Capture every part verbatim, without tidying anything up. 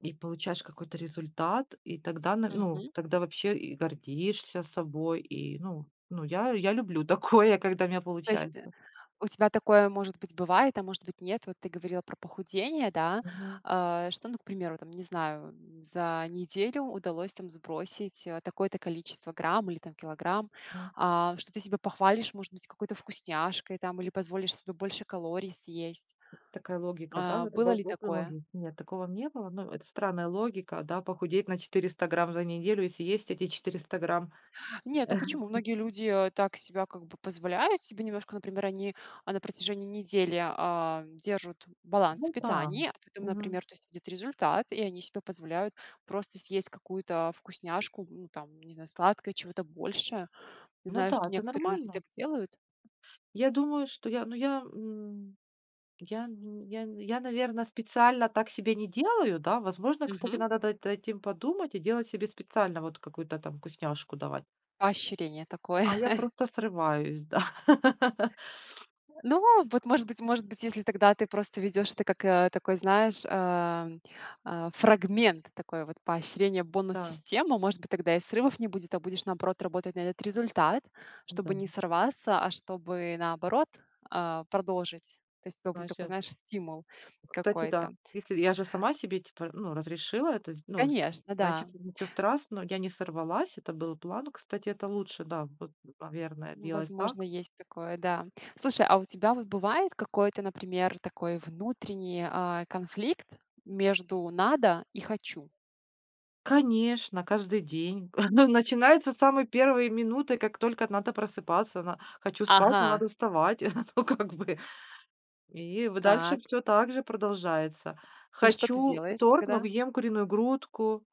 И получаешь какой-то результат, и тогда, на ну, Мгм. тогда вообще и гордишься собой, и, ну ну, я я люблю такое, когда у меня То есть, э, получается. у тебя такое, может быть, бывает, а может быть, нет. Вот ты говорила про похудение, да? Мгм. А что, ну, к примеру, там, не знаю, м, за неделю удалось там сбросить, э, такое-то количество грамм или там килограмм. М. А что, ты себя похвалишь, может быть, какой-то вкусняшкой там или позволишь себе больше калорий съесть? Такая логика, да? А Вот. было ли такое? [unintelligible] Нет, такого в не было. Ну, это странная логика, да? Похудеть на четыреста грамм за неделю и съесть эти четыреста грамм. Нет, ну почему? Многие люди, э, так себя как бы позволяют себе немножко, например, они, а, на протяжении недели, а, держут баланс в Ну да. питании, а потому, Мгм. например, то есть видят результат, и они себе позволяют просто съесть какую-то, а, вкусняшку, ну, там, не знаю, сладкое, чего-то большее. Ну Знаю, да, что это некоторые люди нормально. так делают. Я думаю, что я, ну, я, ну, я, н я, наверно, специально так себе не делаю, да. Возможно, кстати, Мгм. надо над этим подумать и делать себе специально вот какую-то там вкусняшку давать. Поощрение такое. А я просто срываюсь, да. Э, ну, вот, может быть, может быть, если тогда ты просто ведёшь это как, э, такой, знаешь, ам, а, фрагмент, такой вот, поощрение, Да. бонус-система, может быть, тогда и срывов не будет, а будешь, наоборот, работать на этот результат, чтобы М-да. не сорваться, а чтобы, наоборот, а, продолжить. То есть это будет такой, Ващет знаешь, стимул Кстати, какой-то. да. Если я же сама себе, типа, ну, разрешила это, з ну, с м Конечно, да. значит, ничего страс Я не сорвалась, это был план. Ну, кстати, это лучше, да, вот, наверное, делать Возможно, так. есть такое, да. Слушай, а у тебя вот бывает какой-то, например, такой внутренний, а, конфликт между "надо" и "хочу"? Конечно, каждый день начинается с самой первой минуты, как только надо просыпаться. На хочу спать, но Ага. надо вставать, ну, как бы. И в дальше Так. всё так же продолжается. И что ты Хочу делаешь торт, но тогда? ем куриную грудку.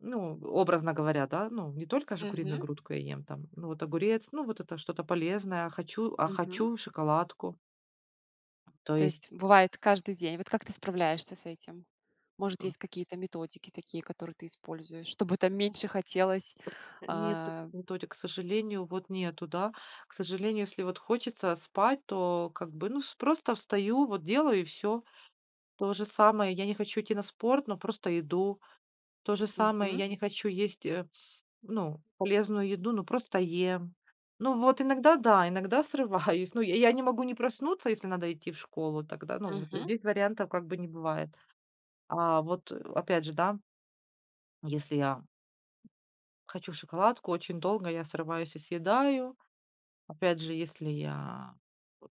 Ну, образно говоря, да. Ну, не только же куриную Мгм. грудку я ем, там, ну, вот огурец, ну, вот это что-то полезное, а хочу а Мгм. хочу шоколадку. То То есть. есть бывает каждый день. Вот как ты справляешься с этим? Может, М. есть какие-то методики такие, которые ты используешь, чтобы там меньше хотелось, Э, нет а? методик, к сожалению, вот нету, да. К сожалению, если вот хочется, а, спать, то, как бы, ну, с просто встаю, вот делаю и всё. То же самое, я не хочу идти на спорт, но просто иду. То же самое, Мгм. я не хочу есть, э, ну, полезную еду, но просто ем. Ну, вот иногда, да, иногда срываюсь. Ну, я я не могу не проснуться, если надо идти в школу, тогда, ну, вот Мгм. здесь вариантов, как бы, не бывает. А вот, э, опять же, да. Если я хочу шоколадку очень долго, я срываюсь и съедаю. Опять же, если я вот